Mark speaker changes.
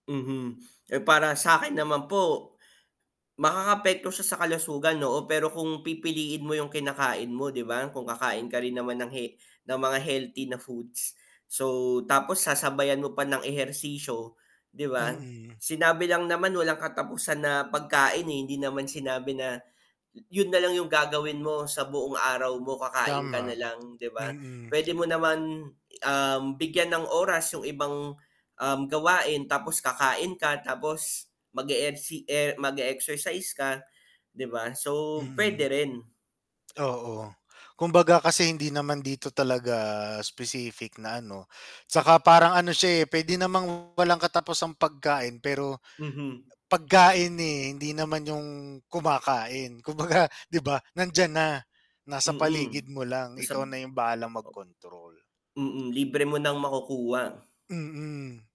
Speaker 1: Mhm, eh, para sakin naman po makakaapekto siya sa kalusugan, oo. Pero kung pipiliin mo yung kinakain mo di ba, kung kakain ka rin naman he ng mga healthy foods. So, tapos sasabayan mo pa ng ehersisyo, di ba.
Speaker 2: Mm.
Speaker 1: Sinabi lang naman walang katapusan na pagkain, eh, hindi naman sinabi na yun na lang yung gagawin mo sa buong araw mo kakain ka
Speaker 2: Tama,
Speaker 1: nalang, di ba.
Speaker 2: mm.
Speaker 1: Pwede mo naman, um, bigyan ng oras yung ibang, um, gawain tapos kakain ka tapos mag-eehersi e mag-exercise ka, di ba. So,
Speaker 2: Mm.
Speaker 1: pwede rin.
Speaker 2: Oo, kumbaga kasi hindi naman dito talaga specific na ano. Saka parang ano siya, eh, pwede namang walang kataposang pagkain, pero
Speaker 1: Mhm.
Speaker 2: pagkain, eh, hindi naman yung kumakain. Kumbaga di ba nandiyan na, nasa
Speaker 1: Mm,
Speaker 2: paligid mo lang
Speaker 1: nasab
Speaker 2: ikaw na yung bahalang
Speaker 1: o
Speaker 2: mag-control.
Speaker 1: mm, libre mo nang makukuha.
Speaker 2: Mm.